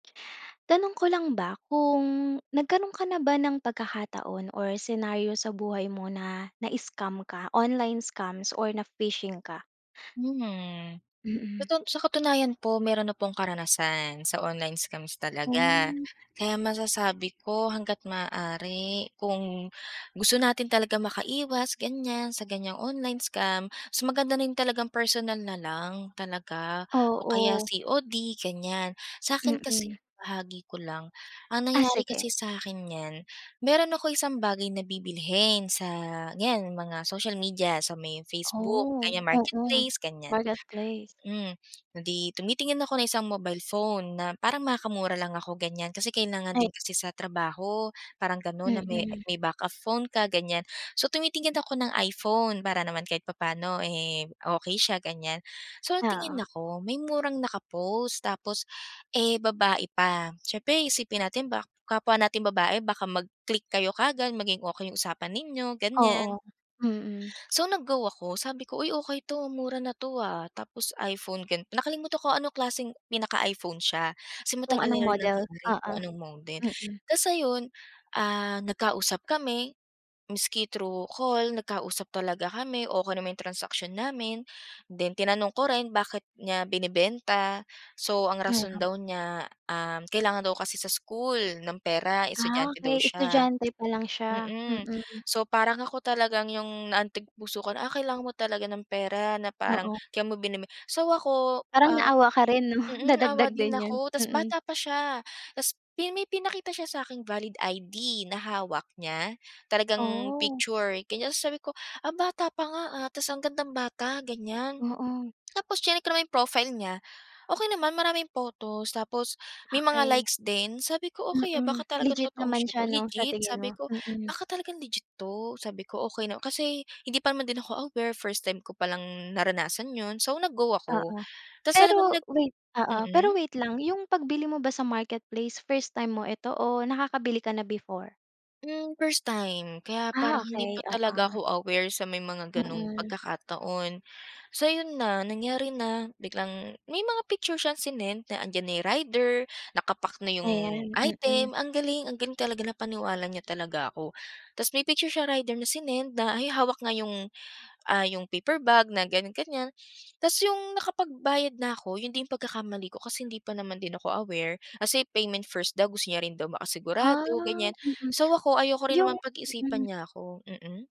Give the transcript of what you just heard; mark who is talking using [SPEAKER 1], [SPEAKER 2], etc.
[SPEAKER 1] Tanong ko lang ba, kung nagkaroon ka na ba ng pagkakataon or senaryo sa buhay mo na na-scam ka, online scams or na-phishing ka?
[SPEAKER 2] Hmm, sa
[SPEAKER 1] Mm.
[SPEAKER 2] ton sa katunayan po meron na pong karanasan sa online scams talaga,
[SPEAKER 1] Oh.
[SPEAKER 2] kaya masasabi ko hangga't maaari kung gusto natin talaga makaiwas ganiyan, sa ganyang online scam, mas maganda rin talagang personal na lang, talaga o kaya
[SPEAKER 1] Oo.
[SPEAKER 2] COD ganiyan. Sa'kin kasi,
[SPEAKER 1] Mm.
[SPEAKER 2] maibahagi ko lang ang
[SPEAKER 1] Ah,
[SPEAKER 2] nangyari
[SPEAKER 1] sige.
[SPEAKER 2] kasi sa'kin niyan, meron ako isang bagay na bibilhin sa ganiyan mga social media, sa may Facebook
[SPEAKER 1] Oh,
[SPEAKER 2] ganiyan
[SPEAKER 1] oo,
[SPEAKER 2] marketplace ganiyan
[SPEAKER 1] marketplace.
[SPEAKER 2] hmm, eh, di tumitingin ako ng isang mobile phone na parang makakamura lang ako ganiyan kasi kailangan
[SPEAKER 1] Ay.
[SPEAKER 2] din kasi sa trabaho, parang ganon na may
[SPEAKER 1] Mm.
[SPEAKER 2] may backup phone ka ganiyan. So tumitingin ako ng iPhone para naman kahit papaano, eh, okey siya ganiyan so nagtingin
[SPEAKER 1] Oo.
[SPEAKER 2] ako may murang nakapost tapos, eh, babae pa siyempre iisipin natin ba kapwa nating babae baka mag-click kayo kaagad, maging okey 'yung usapan ninyo, ganiyan.
[SPEAKER 1] Oo, mm.
[SPEAKER 2] So nag go ako sabi ko, "Uy okey 'to mura na 'to, ah, tapos iPhone" gan nakalimutan ko anong klaseng pinaka-iPhone siya kasi
[SPEAKER 1] Kung
[SPEAKER 2] matagal
[SPEAKER 1] anong
[SPEAKER 2] na rin
[SPEAKER 1] model,
[SPEAKER 2] nangyari
[SPEAKER 1] oo,
[SPEAKER 2] kung anong model,
[SPEAKER 1] mm.
[SPEAKER 2] tapos ayun, ah, nagkausap kami miski thru call nagkausap talaga kami, okey naman 'yong transaction namin, then tinanong ko rin bakit niya binebenta so ang rason
[SPEAKER 1] Oo.
[SPEAKER 2] daw niya, um, kailangan daw kasi sa school ng pera
[SPEAKER 1] Ah,
[SPEAKER 2] estudyante daw
[SPEAKER 1] okey
[SPEAKER 2] siya
[SPEAKER 1] estudyante pa lang siya,
[SPEAKER 2] mm,
[SPEAKER 1] mm.
[SPEAKER 2] so parang ako talagang 'yung naantig puso ko na, "Ah, kailangan mo talaga ng pera na parang
[SPEAKER 1] Oo.
[SPEAKER 2] kaya mo binebe" so ako,
[SPEAKER 1] Parang
[SPEAKER 2] ah,
[SPEAKER 1] naawa ka rin 'no,
[SPEAKER 2] mm, naawa
[SPEAKER 1] nadagdag
[SPEAKER 2] din
[SPEAKER 1] din 'yun,
[SPEAKER 2] ako tapos
[SPEAKER 1] mm.
[SPEAKER 2] bata pa siya, tapos pi may pinakita siya saking valid ID na hawak niya, talagang
[SPEAKER 1] Oh.
[SPEAKER 2] picture ganiyan. So sabi ko, "Ah, bata pa nga, ah, tapos ang gandang bata," ganiyan
[SPEAKER 1] Oo.
[SPEAKER 2] tapos chineck ko naman 'yung profile niya, okey naman maraming photos tapos, may mga
[SPEAKER 1] Okey,
[SPEAKER 2] likes din sabi ko, "Okey, ah,
[SPEAKER 1] mm,
[SPEAKER 2] baka talagang
[SPEAKER 1] legit
[SPEAKER 2] totoong
[SPEAKER 1] naman
[SPEAKER 2] siya
[SPEAKER 1] siya
[SPEAKER 2] 'to
[SPEAKER 1] 'no sa
[SPEAKER 2] legit,"
[SPEAKER 1] tingin
[SPEAKER 2] sabi
[SPEAKER 1] mo?
[SPEAKER 2] ko,
[SPEAKER 1] Mm.
[SPEAKER 2] "Baka talagang legit 'to," sabi ko, okey na kasi hindi pa naman din ako aware first time ko pa lang naranasan 'yun so nag go ako
[SPEAKER 1] Oo.
[SPEAKER 2] tapos talagang
[SPEAKER 1] Pero
[SPEAKER 2] nag
[SPEAKER 1] wait oo pero
[SPEAKER 2] mm.
[SPEAKER 1] wait lang 'yung pagbili mo ba sa marketplace first time mo ito o nakakabili ka na before?
[SPEAKER 2] Hmm, first time, kaya
[SPEAKER 1] Ah,
[SPEAKER 2] parang hindi
[SPEAKER 1] okey
[SPEAKER 2] pa
[SPEAKER 1] oo.
[SPEAKER 2] talaga ako aware sa may mga ganong
[SPEAKER 1] Mm.
[SPEAKER 2] pagkakataon. So ayun na, nangyari na biglang may mga picture siyang sinend na 'andiyan na 'yung rider, naka-pack na 'yung
[SPEAKER 1] Ayan, mm.
[SPEAKER 2] item, ang galing ang galing talaga napaniwala niya talaga ako. Tapos may picture siya rider na sinend na ay hawak nga 'yung, ah, 'yung paper bag na ganiyan-ganiyan. Tapos 'yung nakapagbayad na ako 'yun din pagkakamali ko kasi hindi pa naman din ako aware kasi, payment first daw gusto niya rin daw
[SPEAKER 1] Ah,
[SPEAKER 2] makasigurado ganiyan,
[SPEAKER 1] mm,
[SPEAKER 2] so ako ayoko rin naman
[SPEAKER 1] 'yung
[SPEAKER 2] pag-isipan
[SPEAKER 1] hmm.
[SPEAKER 2] niya ako mm.